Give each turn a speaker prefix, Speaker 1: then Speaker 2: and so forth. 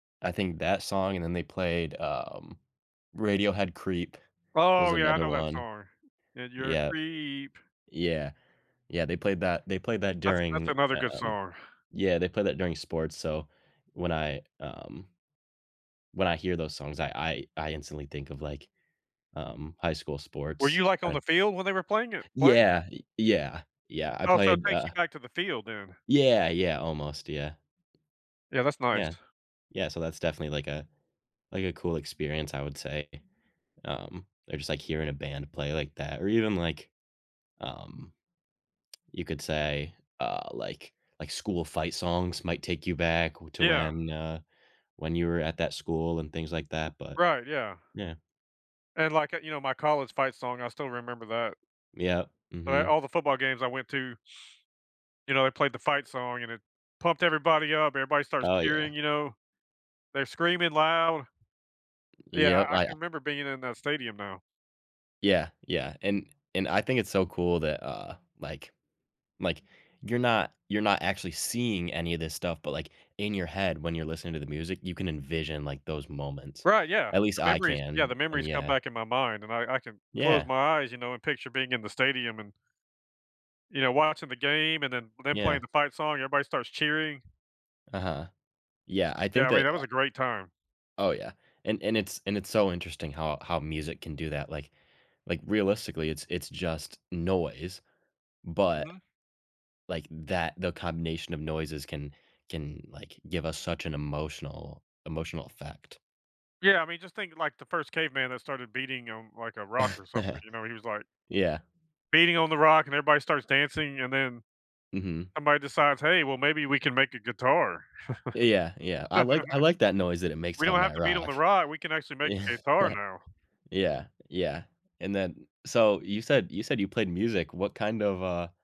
Speaker 1: I think that song, and then they played, um Radiohead Creep was
Speaker 2: Oh yeah, I
Speaker 1: another
Speaker 2: know that
Speaker 1: one.
Speaker 2: song, "And you're a
Speaker 1: Yup.
Speaker 2: creep."
Speaker 1: Yeah. Yeah, they played that they played that
Speaker 2: That's that's
Speaker 1: during,
Speaker 2: another good
Speaker 1: um
Speaker 2: song.
Speaker 1: Yeah, they played that during sports, so when I um when I hear those songs, I I I instantly think of like, um, high school
Speaker 2: Were you,
Speaker 1: sports
Speaker 2: like, on
Speaker 1: and
Speaker 2: the field when they were playing it playing?
Speaker 1: Yeah, y yeah, yeah, I
Speaker 2: Oh, so it
Speaker 1: played
Speaker 2: takes you
Speaker 1: uh
Speaker 2: back to the field then.
Speaker 1: Yeah, yeah, almost, yeah.
Speaker 2: Yeah, that's nice.
Speaker 1: Yeah. Yeah, so that's definitely like a like a cool experience, I would say. Um, they're just like hearing a band play like that or even like, um, you could say, uh, like like school fight songs might take you back wh to
Speaker 2: Yeah.
Speaker 1: when, uh, when you were at that school and things like that, but
Speaker 2: Right, yeah.
Speaker 1: Yeah.
Speaker 2: And, like, uh, you know, my college fight song, I still remember that.
Speaker 1: Yup,
Speaker 2: But I
Speaker 1: mhm.
Speaker 2: all the football games I went to you know, they played the fight song, and it pumped everybody up. Everybody starts
Speaker 1: Oh, yeah.
Speaker 2: cheering, you know. They're screaming loud. Yeah, I
Speaker 1: Yup,
Speaker 2: I
Speaker 1: I, uh
Speaker 2: can remember being in that stadium now.
Speaker 1: Yeah, yeah, and and I think it's so cool that, uh, like like you're not you're not actually seeing any of this stuff, but like in your head when you're listening to the music, you can envision like those moments;
Speaker 2: Right, yeah,
Speaker 1: at least
Speaker 2: the
Speaker 1: I
Speaker 2: memories yeah,
Speaker 1: can,
Speaker 2: the
Speaker 1: and
Speaker 2: memories come
Speaker 1: yeah.
Speaker 2: back in my mind and I I can close
Speaker 1: Yeah.
Speaker 2: my eyes, you know, and picture being in the stadium and you know, watching the game, and then them playing
Speaker 1: Yeah.
Speaker 2: the fight song, everybody starts cheering.
Speaker 1: Uh-huh. Yeah, I
Speaker 2: Yeah,
Speaker 1: think
Speaker 2: I mean,
Speaker 1: that
Speaker 2: that
Speaker 1: a
Speaker 2: was a great time.
Speaker 1: Oh yeah. And and it's and it's so interesting how how music can do that, like like realistically it's it's just noise, but,
Speaker 2: Mhm.
Speaker 1: like, that the combination of noises can can, like, give us such an emotional emotional effect.
Speaker 2: Yeah, I mean, just thinking, like, the 1st caveman that started beating on, like, a rock or something, you know, he was like
Speaker 1: Yeah.
Speaker 2: beating on the rock and everybody starts dancing and then
Speaker 1: Mhm.
Speaker 2: somebody decides, "Hey, well, maybe we can make a guitar."
Speaker 1: Yeah, yeah, yeah. I like I like that noise that it makes
Speaker 2: "We don't
Speaker 1: on
Speaker 2: have
Speaker 1: that
Speaker 2: to beat on
Speaker 1: rock.
Speaker 2: the rock, we can actually make
Speaker 1: Yeah.
Speaker 2: a guitar now."
Speaker 1: Yeah, yeah. And then So, you said you said you played music, what kind of, uh